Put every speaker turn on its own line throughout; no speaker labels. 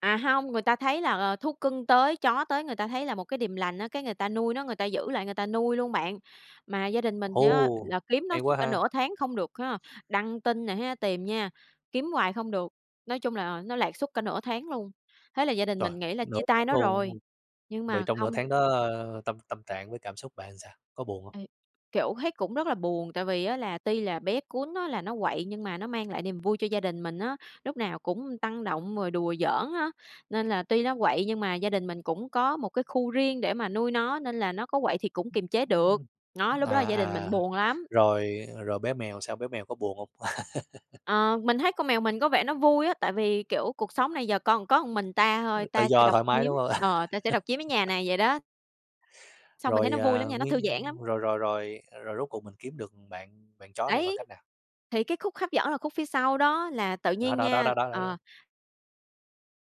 À, hông, người ta thấy là, ờ, thú cưng tới, chó tới người ta thấy là một cái điềm lành á, cái người ta nuôi nó, người ta giữ lại, người ta nuôi luôn bạn. Mà gia đình mình thì á,
Ồ!
là kiếm nó
Hay
suốt
quá
cả
ha!
nửa tháng không được ha, đăng tin nè ha, tìm nha, kiếm hoài không được, nói chung là nó lạc suốt cả nửa tháng luôn. Thế là gia đình
Trời!
mình nghĩ là
Nửa
chia
tháng
tay nó rồi,
luôn!
nhưng
Vậy
mà
trong nửa
không.
tháng đó tâm tâm trạng với cảm xúc bạn sao? Có buồn hông?
Ê, kiểu, thấy cũng rất là buồn, tại vì á, là tuy là bé cún á, là nó quậy nhưng mà nó mang lại niềm vui cho gia đình mình á, lúc nào cũng tăng động rồi đùa giỡn á. Nên là tuy nó quậy nhưng mà gia đình mình cũng có một cái khu riêng để mà nuôi nó, nên là nó có quậy thì cũng kiềm chế được.
[unintelligible]
Nó, lúc đó là
À,
gia đình mình
à,
buồn lắm.
rồi rồi bé mèo sao? Bé mèo có buồn hông?
Ờ, mình thấy con mèo mình có vẻ nó vui á, tại vì, kiểu: "Cuộc sống này giờ con có mình ta thôi,
[unintelligible] Tự
ta sẽ
do
độc
thoải mái,
chiếm
đúng hông?
ờ, ta sẽ độc chiếm cái nhà này" vậy đó. Xong mình thấy
Rồi,
nó vui
à,
lắm nha, nó thư
nguyên
giãn lắm.
rồi rồi rồi rồi rốt cuộc mình kiếm được bạn bạn chó này bằng
Đấy,
cách nào?
thì cái khúc hấp dẫn là khúc phía sau đó là tự
Đó,
nhiên
đó, đó,
nha
đó, đó, đó.
ờ.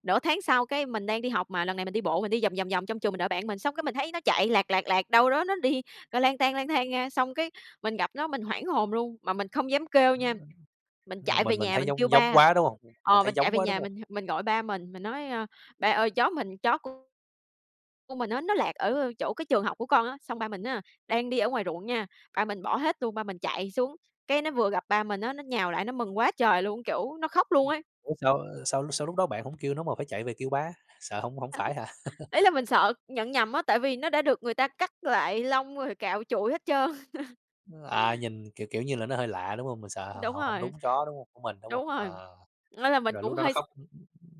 Nửa tháng sau cái mình đang đi học mà, lần này mình đi bộ mình đi vòng, vòng, vòng trong trường mình đợi bạn mình, xong cái mình thấy nó chạy lạc, lạc, lạc đâu đó nó đi, ơ, lang tang, lang thang nha. Xong cái mình gặp nó mình hoảng hồn luôn, mà mình không dám kêu nha, mình chạy về
Mình mình
nhà
thấy
mình kêu
giống giống
ba
quá, đúng hông? Mình
ờ,
thấy
mình chạy
giống
về
quá, đúng
nhà
hông?
mình h mình gọi ba mình, mình nói: "Ơ, ba ơi chó mình chó c của mình á, nó lạc ở chỗ cái trường học của con á." Xong ba mình á, đang đi ở ngoài ruộng nha, ba mình bỏ hết luôn, ba mình chạy xuống, cái nó vừa gặp ba mình á, nó nhào lại nó mừng quá trời luôn, kiểu, nó khóc luôn ấy.
Ủa sao sao sao lúc đó bạn hổng kêu nó mà phải chạy về kêu ba? Sợ hông hông
Ừ,
phải hả?
ý là mình sợ nhận nhầm á, tại vì nó đã được người ta cắt lại lông rồi cạo trụi hết trơn.
Ơ, à, nhìn, kiểu, kiểu như là, nó hơi lạ, đúng hông? Mình sợ
Đúng
hổng hổng
rồi.
đúng chó, đúng hông? Của mình, đúng hông?
Đúng rồi,
Ờ,
nên là mình
rồi lúc
cũng
đó nó
hơi s
khóc?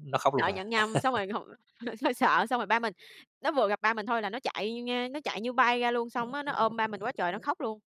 Nó khóc luôn
Sợ
hả?
nhận nhầm. Xong rồi hụt hơi sợ, xong rồi ba mình nó vừa gặp ba mình thôi là nó chạy vô nha, nó chạy như bay ra luôn, xong á, nó ôm ba mình quá trời nó khóc luôn.